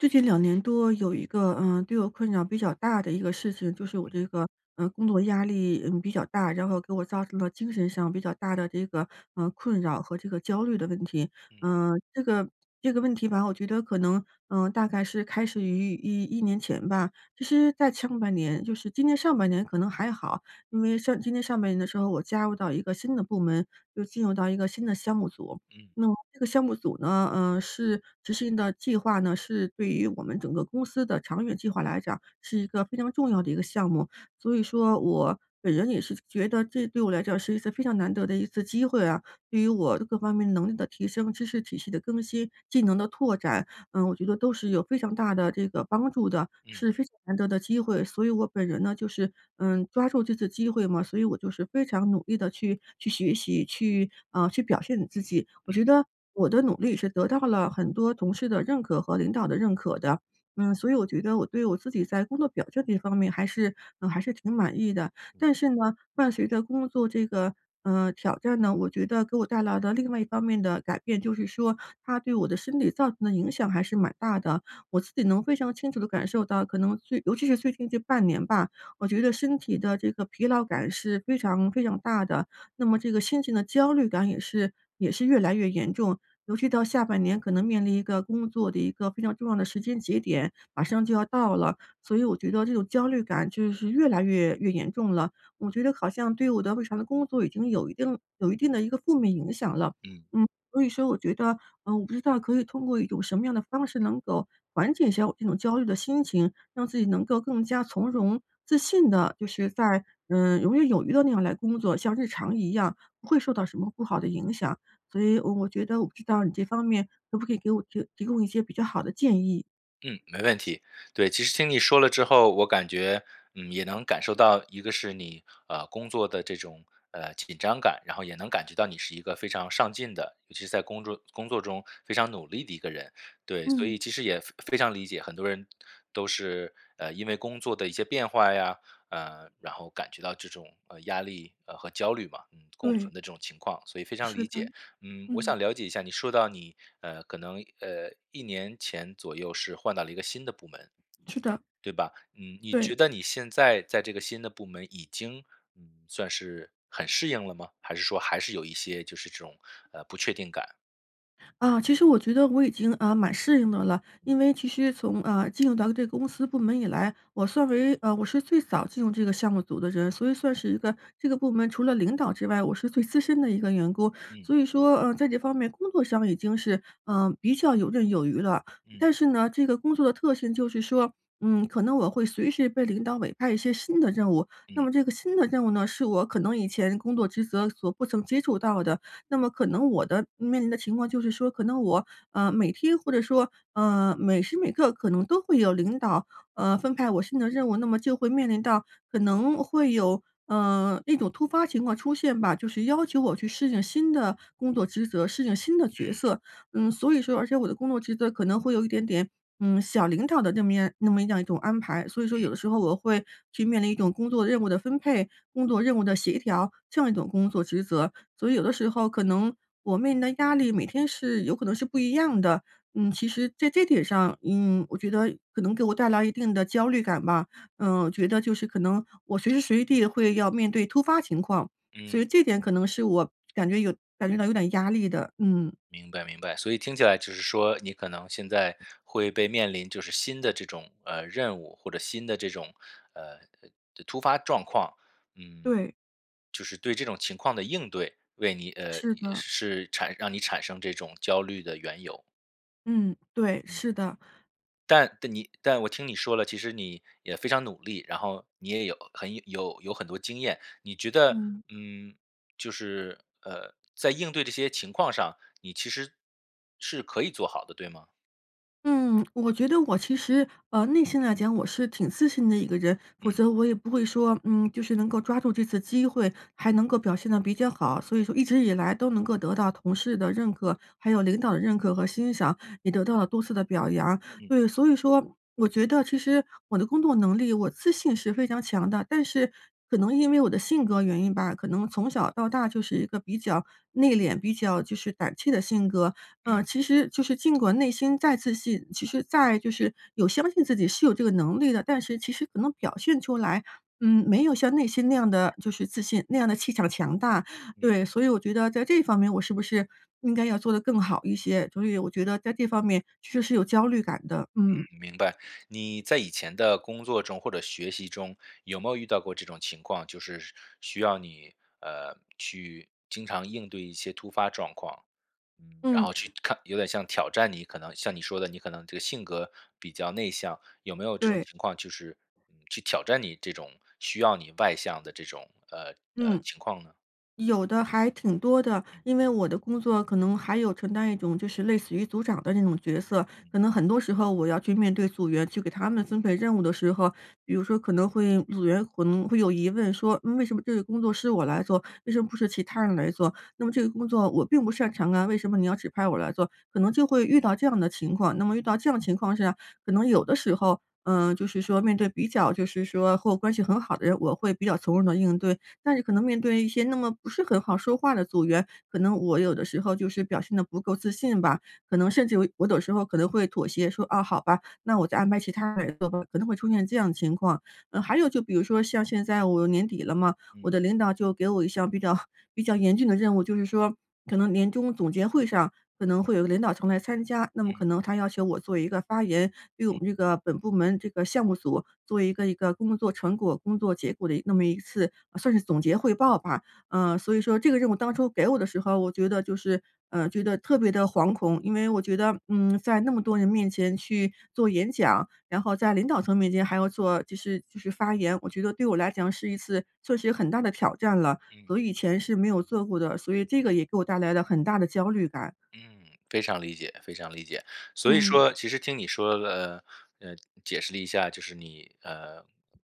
最近2年多有一个，嗯，对我困扰比较大的一个事情，就是我嗯。这个，呃，工作压力，嗯，比较大，然后给我造成了精神上比较大的，这个，呃，困扰和这个焦虑的问题。嗯。嗯，这个这个问题吧，我觉得可能，嗯，大概是开始于11年前吧。其实在上半年就是今年上半年可能还好，因为上今年上半年的时候，我加入到一个新的部门，就进入到一个新的项目组。嗯。那么这个项目组呢，呃，是执行的计划呢，是对于我们整个公司的长远计划来讲是一个非常重要的一个项目。所以说我本人也是觉得这对我来讲是一次非常难得的一次机会啊，对于我这各方面能力的提升、知识体系的更新、技能的拓展，嗯，我觉得都是有非常大的这个帮助的，嗯。是非常难得的机会。所以我本人呢就是，嗯，抓住这次机会嘛。所以我就是非常努力地去去学习，去啊，去表现我自己。我嗯。觉得我的努力是得到了很多同事的认可和领导的认可的。嗯，所以我觉得我对我自己在工作表现这方面还是嗯，还是挺满意的。嗯。但是呢，伴随着工作这个，呃，挑战呢，我觉得给我带来的另外一方面的改变，就是说它对我的身体造成的影响还是蛮大的，我自己能非常清楚地感受到，可能最尤其是最近这半年吧，我觉得身体的这个疲劳感是非常非常大的，那么这个心情的焦虑感也是也是越来越严重。尤其到下半年可能面临一个工作的一个非常重要的时间节点，马上就要到了，所以我觉得这种焦虑感就是越来越越严重了。我觉得好像对我的日常的工作已经有一定有一定的一个负面影响了。嗯。嗯，所以说我觉得嗯，我不知道可以通过一种什么样的方式能够缓解一下我这种焦虑的心情，让自己能够更加从容、自信地，就是在，嗯，游刃有余地那样来工作，像日常一样不会受到什么不好的影响。所以我我觉得我不知道你这方面可不可以给我这提供一些比较好的建议？嗯，没问题，对，其实听你说了之后，我感觉，嗯，也能感受到一个是你，呃，工作的这种，呃，紧张感，然后也能感觉到你是一个非常上进的，尤其是在工作工作中非常努力的一个人。对，所嗯。以其实也非非常理解，很多人都是，啊，因为工作的一些变化呀，呃，然后感觉到这种，呃，压力，呃，和焦虑嘛，共对。存的这种情况，所以非常是理的，解。嗯，我嗯。想了解一下，你说到你，呃，可能，呃，1年前左右是换到了一个新的部门，是的。对吧，嗯，你觉对。得你现在在这个新的部门已经，嗯，算是很适应了吗？还是说还是有一些就是这种，呃，不确定感？啊，其实我觉得我已经，呃，蛮适应的了，因为其实从，呃，进入到这个公司部门以来，我算为呃，我是最早进入这个项目组的人，所以算是一个这个部门除了领导之外，我是最资深的一个员工。嗯。所以说，呃，在这方面工作上已经是，呃，比较游刃有余了。嗯。但是呢，这个工作的特性就是说，嗯，可能我会随时被领导委派一些新的任务，那嗯。么这个新的任务呢是我可能以前工作职责所不曾接触到的，那么可能我的面临的情况就是说可能我，呃，每天或者说，呃，每时每刻可能都会有领导，呃，分派我新的任务，那么就会面临到可能会有，呃，那种突发情况出现吧，就是要求我去适应新的工作职责，适应新的角嗯。色。嗯，所以说而且我的工作职责可能会有一点点，嗯，小领导的那么样那么这样儿一种安排，所以说有嗯。的时候我会去面临一种工作任务的分配，工作任务的协调这样一种工作职责，所以有的时候可能我面临的压力每天是有可能是不一样的。嗯，其实在这点上，嗯，我觉得可能给我带来一定的焦虑感吧，嗯，我觉得就是可能我随时随地会要面对突发情况，所嗯。以这点可能是我感觉有感觉到有点压力的，嗯。明白，明白，所以听起来就是说你可能现在会被面临就是新的这种，呃，任务或者新的这种，呃-呃，突突发状况，嗯。对。就是对这种情况的应对，为你呃，是也的。是产让你产生这种焦虑的缘由。嗯，对，嗯。是的。但但你但我听你说了，其实你也非常努力，然后你也有很有有很多经验，你觉得，嗯。嗯，就是，呃，在应对这些情况上，你其实是可以做好的对吗？嗯，我觉得我其实呃，内心来讲，我是挺自信的一个人。否嗯。则我也不会说，嗯，就是能够抓住这次机会，还能够表现得比较好，所以说一直以来都能够得到同事的认可，还有领导的认可和欣赏，也得到了多次的表扬。嗯。对，所以说，我觉得其实我的工作能力，我自信是非常强的。但是，可能因为我的性格原因吧，可能从小到大就是一个比较内敛、比较就是胆怯的性格。呃，嗯。其实就是尽管内心再自信，其实再就是有相信自己是有这个能力的，但是其实可能表现出来，嗯，没有像内心那样地，就是自信，那样地气场强大。嗯。对，所以我觉得在这方面我是不是应该要做得更好一些？所以我觉得在这方面确实是有焦虑感的，嗯，嗯。明白。你在以前的工作中或者学习中，有没有遇到过这种情况？就是需要你，呃，去经常应对一些突发状况。嗯，然嗯。后去看有点像挑战你可能像你说的你可能这个性格比较内向，有没有这种对。情况就是，嗯，去挑战你这种需要你外向的这种，呃，呃，嗯。情况呢？有的，还挺多的。因为我的工作可能还有承担一种就是类似于组长的那种角色。嗯。可能很多时候我要去面对组员，去给他们分配任务的时候，比如说可能会组员可能会有疑问说：“嗯，为什么这个工作是我来做，为什么不是其他人来做？那么这个工作我并不擅长啊，为什么你要指派我来做？”可能就会遇到这样的情况。那么遇到这样情况下，可能有的时候，呃，就是说面对比较就是说和我关系很好的人，我会比较从容地应对。但是可能面对一些那么不是很好说话的组员，可能我有的时候就是表现得不够自信吧，可能甚至有我有时候可能会妥协说：“啊，好吧，那我再安排其他人做吧。”可能会出现这样情况。呃，还有就比如说像现在我年底了嘛，我嗯。的领导就给我一项比较 比较严峻的任务，就是说，可能年终总结会上可能会有一个领导层来参加，那么嗯。可能他要求我做一个发言，对我嗯。们这个本部门这个项目组做一个一个工作成果、工作结果的一那么一次呃，算是总结汇报吧。呃，所以说这个任务当初给我的时候，我觉得就是呃，觉得特别地惶恐，因为我觉得，嗯，在那么多人面前去做演讲，然后在领导层面前还要做，就是就是发言，我觉得对我来讲是一次确实有很大的挑战了，我嗯。以前是没有做过的。所以这个也给我带来了很大的焦虑感。嗯，非常理解非常理解。所以嗯。说其实听你说了呃，解释了一下，就是你，呃，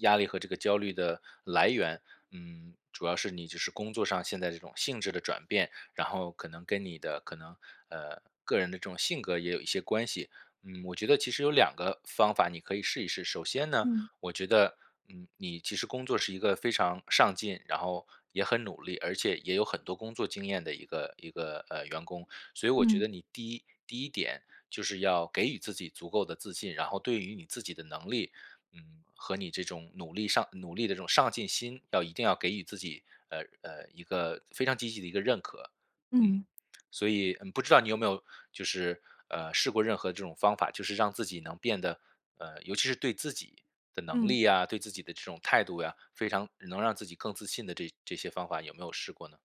压力和这个焦虑的来源，嗯，主要是你就是工作上现在这种性质的转变，然后可能跟你的可能，呃，个人的这种性格也有一些关系。嗯，我觉得其实有2个方法你可以试一试。首先呢，嗯。我觉得，嗯，你其实工作是一个非常上进，然后也很努力，而且也有很多工作经验的一个一个，呃，员工。所以我觉嗯。得你第一第一点就是要给予自己足够的自信，然后对于你自己的能力，嗯，和你这种努力上努力的这种上进心，要一定要给予自己，呃呃，一个非常积极的一个认可。嗯，嗯。所以呃，不知道你有没有就是，呃，试过任何这种方法，就是让自己能变得呃，尤其是对自己的能嗯。力啊，对自己的这种态度呀，非常能让自己更自信的这这些方法有没有试过呢？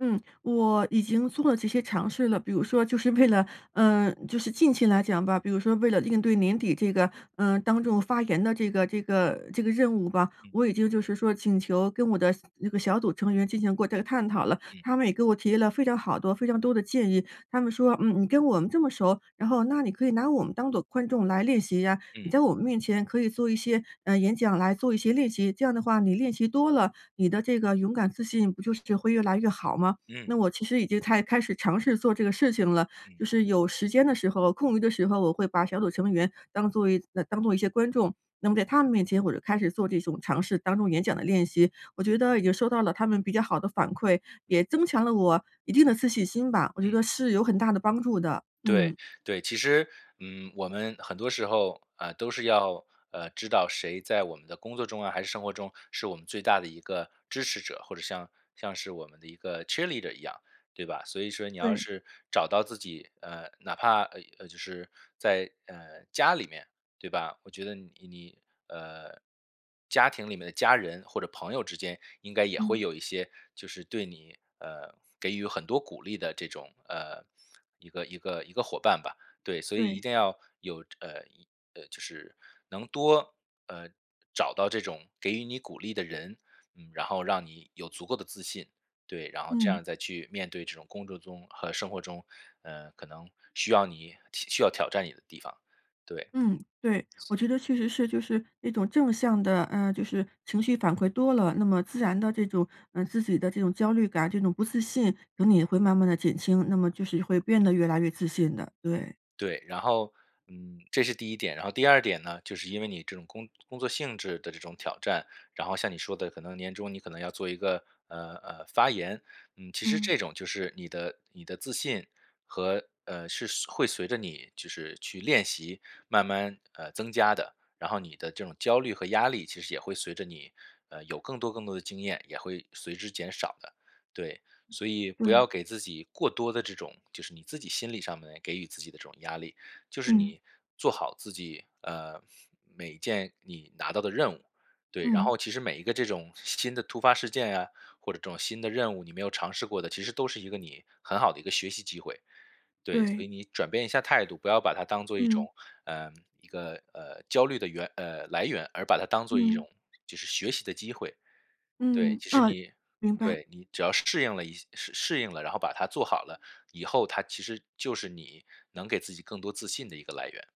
嗯，我已经做了这些尝试了。比如说就是为了呃，就是近期来讲吧，比如说为了应对年底这个，呃，当众发言的这个这个这个任务吧，嗯。我已经就是说请求跟我的那个小组成员进行过这个探讨了。嗯。他们也给我提了非常好多非常多的建议，他们说：”嗯，你跟我们这么熟，然后那你可以拿我们当作观众来练习呀，你嗯。在我们面前可以做一些，呃，演讲，来做一些练习，这样的话你练习多了，你的这个勇敢自信不就是就会越来越好吗？嗯。“那我其实已经在开始尝试做这个事情了，嗯。就是有时间的时候、空余的时候，我会把小组成员当作一当作一些观众，那么在他们面前我就开始做这种尝试。当做演讲的练习，我觉得已经收到了他们比较好的反馈，也嗯。增强了我一定的自信心吧，我觉嗯。得是有很大的帮助的，嗯。对，对。其实，嗯，我们很多时候，呃，都是要，呃，知道谁在我们的工作中啊，还是生活中是我们最大的一个支持者，或者像像是我们的一个 cheerleader 一样，对吧？所以说你要对。是找到自己呃，哪怕，呃，呃，就是，在，呃，家里面，对吧，我觉得你你，呃，家庭里面的家人或者朋友之间应该也嗯。会有一些，就是对你呃，给予很多鼓励的这种，呃，一个一个一个伙伴吧。对，所以一对。定要有这呃，呃，就是能多，呃，找到这种给予你鼓励的人，嗯，然后让你有足够的自信。对，然后这嗯。样再去面对这种工作中和生活中，呃，可能需要你需需要挑战你的地方，对。嗯，对，我觉得确实是就是一种正向的呃，就是情绪反馈多了，那么自然的这种，呃，自己的这种焦虑感，这种不自信，等你会慢慢地减轻，那么就是会变得越来越自信的，对。对，然后，嗯，这是第一点。然后第二点呢，就是因为你这种工工作性质的这种挑战，然后像你说的，可能年终你可能要做一个，呃呃，发言。嗯，其实嗯。这种就是你的你的自信和呃，是随会随着你就是去练习，慢慢，呃，增加的。然后你的这种焦虑和压力，其实也会随着你，呃，有更多更多的经验也会随之减少的。对，所以不对。要给自己过多的这种就是你自己心理上面给予自己的这种压力。就是嗯。你做好自己，呃，每一件你拿到的任务。对，然嗯。后其实每一个这种新新的突发事件啊，或者这种新的任务，你没有尝试过的，其实都是一个你很好的一个学习机会。对，所对。以你转变一下态度，不要把它当做一种，嗯。呃，一个，呃，焦虑的源呃，来源，而把它当做一嗯。种就是学习的机会。对，嗯，其实哦，你明白。对，你只要是适应了一适应了，然后把它做好了，以后它其实就是你，能给自己更多自信的一个来源。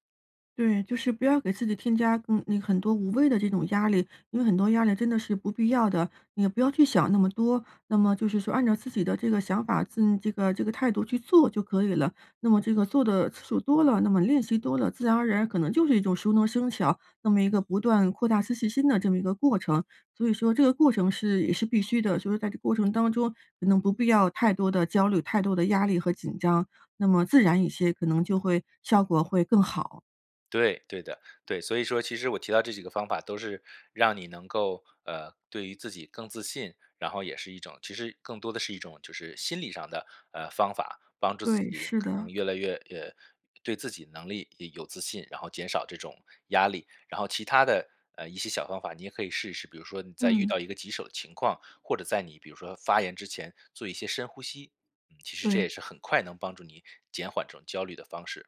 对，就是不要给自己添加，嗯嗯，很多无谓的这种压力，因为很多压力真的是不必要的，你也不要去想那么多。那么就是说按照自己的这个想法，自这个这个态度去做就可以了。那么这个做得次数多了，那么练习多了，自然而然可能就是一种熟能生巧，那么一个不断扩大自信心的这么一个过程，所以说这个过程是也是必须的，所以在这个过程当中，可能不必要太多的焦虑，太多的压力和紧张，那么自然一些可能就会效果会更好。对，对的，对。所以说其实我提到这几个方法都是让你能够，呃，对于自己更自信，然后也是一种其实更多的是一种就是心理上的，呃，方法，帮助自对，己是可能的。越来越越对自己能力也有自信，然后减少这种压力。然后其它的，呃，一些小方法，你也可以试一试。比如说你在遇嗯。到一个棘手的情况，或者在你比如说发言之前做一些深呼吸，其实这也对。是很快能帮助你减缓这种焦虑的方式。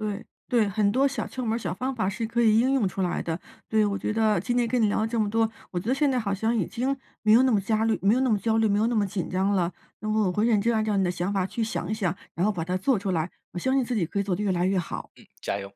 对，对，很多小窍门儿小方法是可以应用出来的，对。我觉得今天跟你聊了这么多，我觉得现在好像已经没有那么焦虑没有那么焦虑，没有那么紧张了。那么我会认真按照你的想法去想一想，然后把它做出来，我相信自己可以做得越来越好。嗯，加油。